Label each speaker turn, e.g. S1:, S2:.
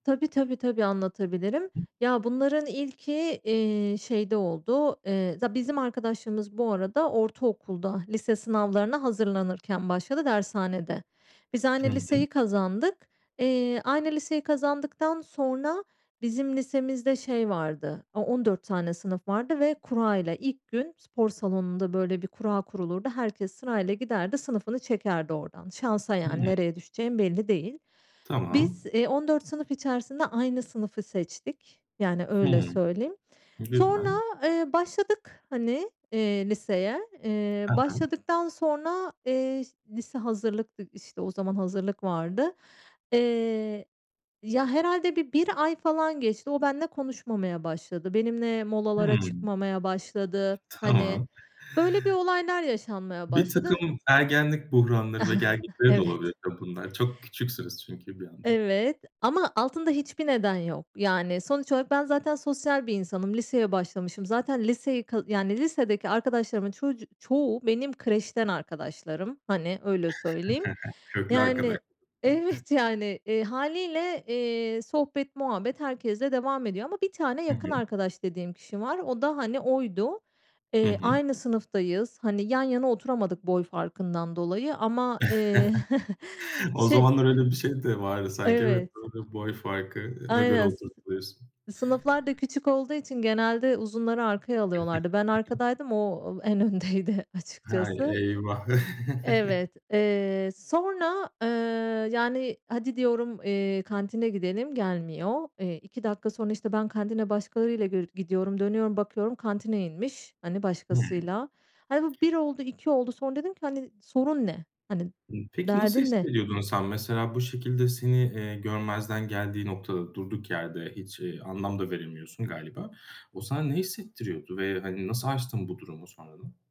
S1: Tabii, tabii, tabii, anlatabilirim. Ya, bunların ilki, eee, şeyde oldu. Eee, za bizim arkadaşlığımız bu arada ortaokulda, lise sınavlarına hazırlanırken başladı dershanede. Biz aynı
S2: Hı hı.
S1: liseyi kazandık. Eee, aynı liseyi kazandıktan sonra bizim lisemizde şey vardı, o on dört tane sınıf vardı ve kurayla. İlk gün spor salonunda, böyle, bir kura kurulurdu. Herkes sırayla giderdi, sınıfını çekerdi oradan. Şansa
S2: Hıı.
S1: yani, nereye düşeceğin belli değil.
S2: Tamam.
S1: Biz, eee, 14 sınıf içerisinde aynı sınıfı seçtik. Yani, öyle
S2: Hımm,
S1: söyleyeyim. Sonra,
S2: güzel.
S1: eee, başladık, hani, eee, liseye. Eee,
S2: Hı hı.
S1: başladıktan sonra, eee, lise hazırlıktık, işte, o zaman hazırlık vardı. Eee, ya, herhâlde bir 1 ay falan geçti. O benimle konuşmamaya başladı. Benimle molalara
S2: Hımm,
S1: çıkmamaya başladı. Hani,
S2: tamam.
S1: öyle bir olaylar yaşanmaya başladı.
S2: Birtakım ergenlik buhranları ve gelgitleri de olabilir
S1: Evet.
S2: tabii bunlar. Çok küçüksünüz çünkü bir yandan.
S1: Evet, ama altında hiçbir neden yok. Yani, sonuç olarak ben zaten sosyal bir insanım. Liseye başlamışım. Zaten liseyi, ka yani, lisedeki arkadaşlarımın çocu çoğu benim kreşten arkadaşlarım. Hani, öyle söyleyeyim.
S2: Köklü arkadaş
S1: Yani Evet, yani, eee,
S2: [unintelligible]
S1: hâliyle, eee, sohbet muhabbet herkesle devam ediyor ama 1 tane
S2: Hı
S1: yakın
S2: hı.
S1: arkadaş dediğim kişi var. O da, hani, oydu.
S2: Hı
S1: Eee,
S2: hı.
S1: aynı sınıftayız. Hani, yan yana oturamadık boy farkından dolayı ama, eee,
S2: O
S1: şey
S2: zamanlar öyle bir şey de vardı sanki, evet.
S1: Evet,
S2: Doğru, boy
S1: a
S2: farkına göre
S1: aynen, s
S2: oturtuluyorsun.
S1: sınıflar da küçük olduğu için genelde uzunları arkaya alıyorlardı. Ben
S2: [unintelligible]
S1: arkadaydım, o en öndeydi
S2: Hay,
S1: açıkçası.
S2: eyvah!
S1: Evet, eee, sonra, ııı, yani, "Hadi," diyorum, eee, "kantine gidelim." Gelmiyor. Eee, 2 dakika sonra, işte, ben kantine başkalarıyla gir gidiyorum, dönüyorum, bakıyorum, kantine inmiş, hani,
S2: Hımm.
S1: başkasıyla. Hani, bu 1 oldu, 2 oldu, sonra dedim ki: "Hani, sorun ne? Hani,
S2: Hımm, peki, nasıl
S1: derdin ne?"
S2: hissediyordun sen? Mesela, bu şekilde seni, eee, görmezden geldiği noktada durduk yerde hiç, eee, anlam da veremiyorsun galiba. O sana ne hissettiriyordu ve, hani, nasıl aştın bu durumu sonradan?